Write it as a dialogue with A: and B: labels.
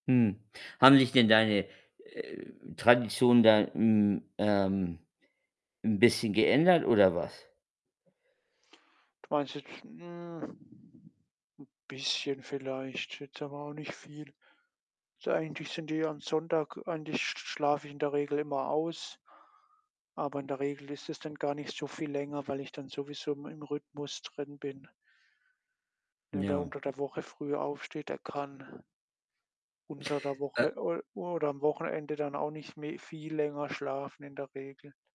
A: Hm. Haben sich denn deine, äh, Traditionen da 'n ähm, 'n bisschen geändert oder was?
B: Weiß ich jetzt 'n bisschen vielleicht. Jetzt aber auch nicht viel. So eigentlich sind die am Sonntag an sich schlafe ich in der Regel immer aus, aber in der Regel ist es dann gar nicht so viel länger, weil ich dann sowieso im in Rhythmus drin bin. Ne, wer
A: Ja.
B: unter der Woche früher aufsteht, der kann unter der
A: Äh
B: Woche o oder am Wochenende dann auch nicht mehr viel länger schlafen in der Regel.